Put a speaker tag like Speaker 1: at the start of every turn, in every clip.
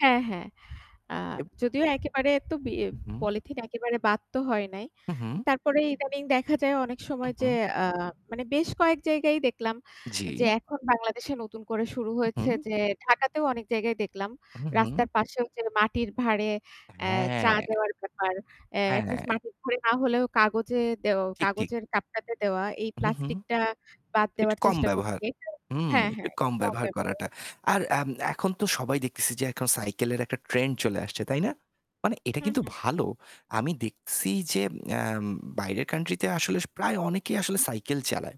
Speaker 1: হ্যাঁ, হ্যাঁ। আ
Speaker 2: এব
Speaker 1: যদিও একেবারে তো বি
Speaker 2: হু, হু।
Speaker 1: পলিথিন একেবারে বাদ তো হয় নাই।
Speaker 2: হু, হু।
Speaker 1: তারপরে ইদানিং দেখা যায় অনেক
Speaker 2: হু,
Speaker 1: সময় যে
Speaker 2: হু।
Speaker 1: অ্যা মানে বেশ কয়েক জায়গায় দেখলাম, যে
Speaker 2: জি।
Speaker 1: এখন বাংলাদেশে নতুন করে শুরু
Speaker 2: হু,
Speaker 1: হয়েছে
Speaker 2: হু।
Speaker 1: যে ঢাকাতেও অনেক জায়গায় দেখলাম।
Speaker 2: হু, হু।
Speaker 1: রাস্তার পাশেও ওইযে মাটির ভারে
Speaker 2: অ্যা
Speaker 1: অ্যা চা
Speaker 2: হ্যাঁ।
Speaker 1: দেওয়ার ব্যাপার। অ্যা এট
Speaker 2: হ্যাঁ।
Speaker 1: লিস্ট মাটির ভারে না হলেও কাগজে দেও
Speaker 2: ঠিক, ঠিক।
Speaker 1: কাগজের কাপটাতে দেওয়া, এই
Speaker 2: হু, হু।
Speaker 1: প্লাস্টিকটা বাদ
Speaker 2: একটু
Speaker 1: দেওয়ার
Speaker 2: কম
Speaker 1: চেষ্টা
Speaker 2: ব্যবহার।
Speaker 1: করতে
Speaker 2: হুম,
Speaker 1: হ্যাঁ,
Speaker 2: একটু
Speaker 1: হ্যাঁ
Speaker 2: কম ব্যবহার করাটা।
Speaker 1: [unintelligible]
Speaker 2: আর আম এখন তো সবাই দেখতেছি যে এখন সাইকেলের একটা ট্রেন্ড চলে আসছে, তাই না? মানে এটা
Speaker 1: হু,
Speaker 2: কিন্তু
Speaker 1: হু।
Speaker 2: ভালো। আমি দেখছি যে অ্যাম বাইরের কান্ট্রিতে আসলে প্রায় অনেকেই আসলে
Speaker 1: হু।
Speaker 2: সাইকেল চালায়।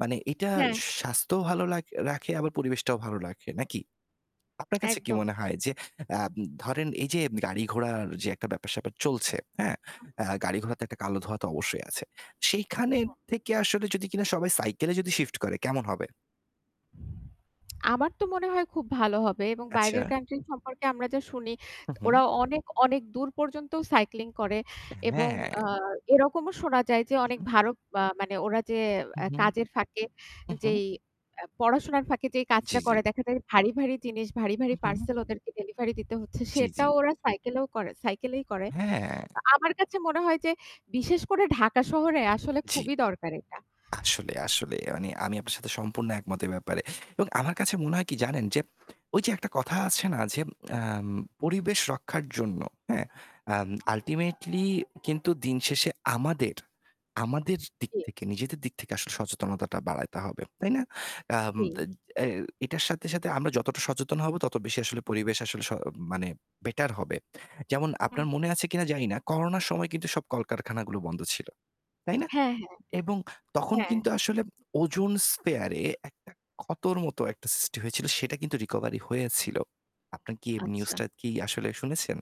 Speaker 2: মানে এটা
Speaker 1: হ্যাঁ, হ্যাঁ।
Speaker 2: স স্বাস্থ্যও ভালো লাগ রাখে, আবার পরিবেশটাও ভালো রাখে, নাকি? আপনার কাছে কি
Speaker 1: একদম।
Speaker 2: মনে হয়? যে অ্যাম ধরেন এই যে গাড়ি ঘোড়ার যে একটা ব্যাপার-স্যাপার চলছে, হ্যাঁ? অ্যা গাড়ি ঘোড়াতে একটা কালো ধোঁয়া তো অবশ্যই আছে। সেইখানের
Speaker 1: হু।
Speaker 2: থেকে আসলে যদি কিনা সবাই সাইকেলে যদি শিফট করে, কেমন হবে?
Speaker 1: আমার তো মনে হয় খুব ভালো হবে। এবং বাইরের
Speaker 2: আচ্ছা।
Speaker 1: কান্ট্রি সম্পর্কে আমরা যা শুনি,
Speaker 2: হু,
Speaker 1: ত ওরা
Speaker 2: হু।
Speaker 1: অনেক অনেক দূর পর্যন্তও সাইক্লিং করে। এবং
Speaker 2: হ্যাঁ।
Speaker 1: আ এরকমও শোনা যায় যে
Speaker 2: হু,
Speaker 1: অনেক
Speaker 2: হু।
Speaker 1: ভারো আ মানে ওরা যে
Speaker 2: হুম,
Speaker 1: অ্যা
Speaker 2: হুম।
Speaker 1: কাজের ফাঁকে
Speaker 2: হু, হু।
Speaker 1: যেই আ পড়াশোনার ফাঁকে যেই
Speaker 2: জি,
Speaker 1: কাজটা
Speaker 2: জি।
Speaker 1: করে, দেখা যায় ভারী, ভারী জিনিস ভারী, ভারী
Speaker 2: উহু।
Speaker 1: পার্সেল ওদেরকে ডেলিভারি দিতে হচ্ছে,
Speaker 2: জি, জি।
Speaker 1: সেটাও ওরা সাইকেলেও করে সাইকেলেই করে।
Speaker 2: হ্যাঁ।
Speaker 1: আ আমার কাছে মনে হয় যে বিশেষ করে ঢাকা শহরে আসলে
Speaker 2: জি।
Speaker 1: খুবই দরকার এটা।
Speaker 2: আসলে, আসলে। মানে আমি আপনার সাথে সম্পূর্ণ একমত এ ব্যাপারে। এবং আমার কাছে মনে হয় কি জানেন? যে ঐ যে একটা কথা আছে না যে অ্যাম পরিবেশ রক্ষার জন্য হ্যাঁ?
Speaker 1: হু,
Speaker 2: অ্যাম
Speaker 1: হু।
Speaker 2: আল্টিমেটলি কিন্তু দিনশেষে আমাদের আমাদের দিক
Speaker 1: জি।
Speaker 2: থেকে নিজেদের দিক থেকে আসলে সচেতনতাটা বাড়াইতে হবে, তাই না? অ্যাম দে
Speaker 1: জি।
Speaker 2: এ এটার সাথে সাথে আমরা যতটা সচেতন হব তত বেশি আসলে পরিবেশ আসলে স মানে বেটার হবে। যেমন
Speaker 1: হুম।
Speaker 2: আপনার মনে আছে কিনা জানি না। করোনার সময় কিন্তু সব কলকারখানাগুলো বন্ধ ছিল, তাই না?
Speaker 1: হ্যাঁ, হ্যাঁ।
Speaker 2: এবং তখন
Speaker 1: হ্যাঁ।
Speaker 2: কিন্তু আসলে ozone spare এ একটা ক্ষতোর মতো একটা সৃষ্টি হয়েছিল সেটা কিন্তু রিকভারি হয়েছিল। আপনার কি অ্যা
Speaker 1: আচ্ছা।
Speaker 2: নিউজটা কি আসলে শুনেছেন?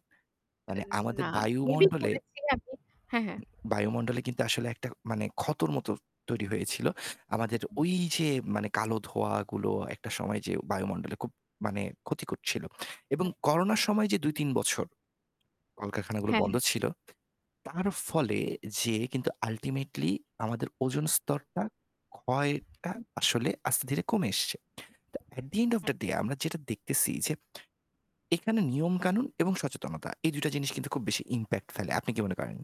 Speaker 1: এ
Speaker 2: মানে আমাদের
Speaker 1: না। মেবি
Speaker 2: বায়ুমণ্ডলে
Speaker 1: শুনেছি আমি হ্যাঁ, হ্যাঁ।
Speaker 2: উম বায়ুমণ্ডলে কিন্তু আসলে একটা মানে ক্ষতর মতো তৈরি হয়েছিল।
Speaker 1: হু,
Speaker 2: আমাদের
Speaker 1: হু।
Speaker 2: ওই যে মানে কালো ধোঁয়াগুলো একটা সময় যেয়ে বায়ুমণ্ডলে খুব মানে ক্ষতি করছিল। এবং
Speaker 1: হু, হু।
Speaker 2: করোনার সময় যে ২, ৩ বছর কলকারখানাগুলো
Speaker 1: হ্যাঁ।
Speaker 2: বন্ধ ছিল। তার ফলে যে কিন্ত আল্টিমেটলি আমাদের ওজন স্তরটা ক্ষয়টা
Speaker 1: হুম।
Speaker 2: আসলে আস্তে ধীরে কমে এসছে। তো at the end of
Speaker 1: who.
Speaker 2: the day আমরা যেটা দেখতেছি যে, এখানে নিয়মকানুন এবং সচেতনতা। এই ২টা জিনিস কিন্তু খুব বেশি ইমপ্যাক্ট ফেলে। আপনি কি
Speaker 1: হু।
Speaker 2: মনে করেন?